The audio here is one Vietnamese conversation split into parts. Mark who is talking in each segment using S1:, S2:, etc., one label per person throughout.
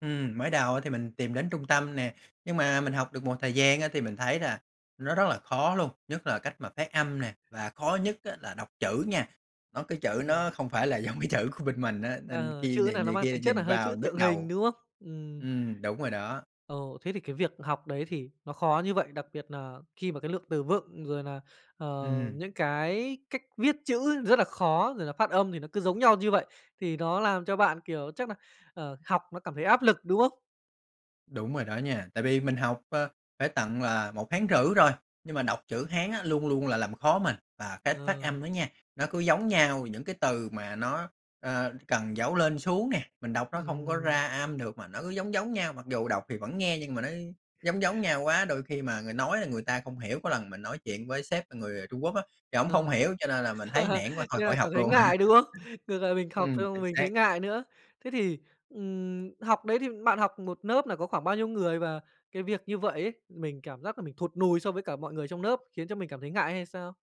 S1: Ừm, mới đầu á thì mình tìm đến trung tâm nè. Nhưng mà mình học được một thời gian á, thì mình thấy là nó rất là khó luôn. Nhất là cách mà phát âm nè, và khó nhất á là đọc chữ nha. Nó cái chữ
S2: Ừm.
S1: nó không phải là giống cái chữ của bên mình á, nên
S2: Ờ,
S1: khi
S2: chữ
S1: này
S2: nà nó
S1: này
S2: mang
S1: kia
S2: tính chất nà
S1: nhìn
S2: hơi
S1: vào
S2: chữ
S1: nhức
S2: tượng hình,
S1: đầu.
S2: đúng không? Ừm.
S1: Ừm, đúng rồi đó.
S2: Ồ, thế thì cái việc học đấy thì nó khó như vậy, đặc biệt nà khi mà cái lượng từ vựng, rồi nà, ờ,
S1: Ừm.
S2: những cái cách viết chữ rất là khó, rồi là phát âm thì nó cứ giống nhau như vậy, thì nó làm cho bạn, kiểu, chắc nà, ờ, học nó cảm thấy áp lực, đúng không?
S1: Đúng rồi đó nha. Tại vì mình học, ờ, phải tận là 1,5 tháng rồi, nhưng mà đọc chữ Hán á, luôn luôn là làm khó mình. Và cái phát
S2: Ờ.
S1: âm á nha, nó cứ giống nhau những cái từ mà nó, ờ, cần dấu lên xuống nè, mình đọc nó hông có
S2: Ừm.
S1: ra âm được mà nó cứ giống giống nhau. Mặc dù đọc thì vẫn nghe, nhưng mà nó giống giống nhau quá, đôi khi mà người nói là người ta không hiểu. Có lần mình nói chuyện với sếp là người Trung Quốc á, thì ổng
S2: Ờ.
S1: không hiểu, cho nên là mình thấy nản quá,
S2: Như
S1: thôi
S2: nà
S1: khỏi học
S2: cảm thấy
S1: luôn.
S2: ngại, đúng không? Ngược lại mình học
S1: Ừm,
S2: xong
S1: chính
S2: mình
S1: xác.
S2: thấy ngại nữa. Thế thì, ừm, học đấy thì bạn học một lớp là có khoảng bao nhiêu người? Và cái việc như vậy ấy, mình cảm giác nà mình thụt nùi so với cả mọi người trong lớp khiến cho mình cảm thấy ngại hay sao?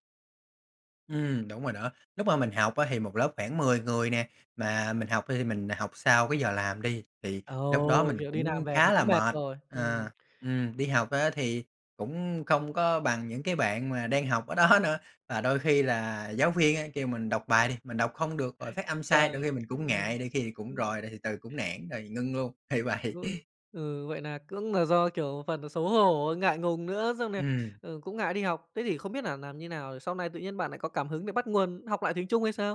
S1: Ừm, đúng rồi đó. Lúc mà mình học á, thì một lớp khoảng 10 người nè, mà mình học thì mình học sau cái giờ làm đi, thì lúc đó
S2: Ồ,
S1: mình
S2: kiểu đi làm
S1: cũng
S2: về thì
S1: khá là
S2: cũng mệt
S1: mệt.
S2: rồi, ừm.
S1: Ờ, ừm, đi học á thì cũng không có bằng những cái bạn mà đang học ở đó nữa. Và đôi khi là giáo viên á kêu mình đọc bài đi, mình đọc không được rồi phát âm sai, đôi
S2: Trời!
S1: khi mình cũng ngại, đôi khi cũng
S2: [unintelligible]
S1: rồi đ thì từ cũng nản rồi ngưng luôn, thì vậy.
S2: Ô. Ừ, vậy nà cũng nà do, kiểu, phần nà xấu hổ, ngại ngùng nữa, xong nà,
S1: Ừm.
S2: ờ, cũng ngại đi học. Thế thì không biết nà làm như nào, sau này tự nhiên bạn nại có cảm hứng để bắt nguồn học lại tiếng Trung hay sao?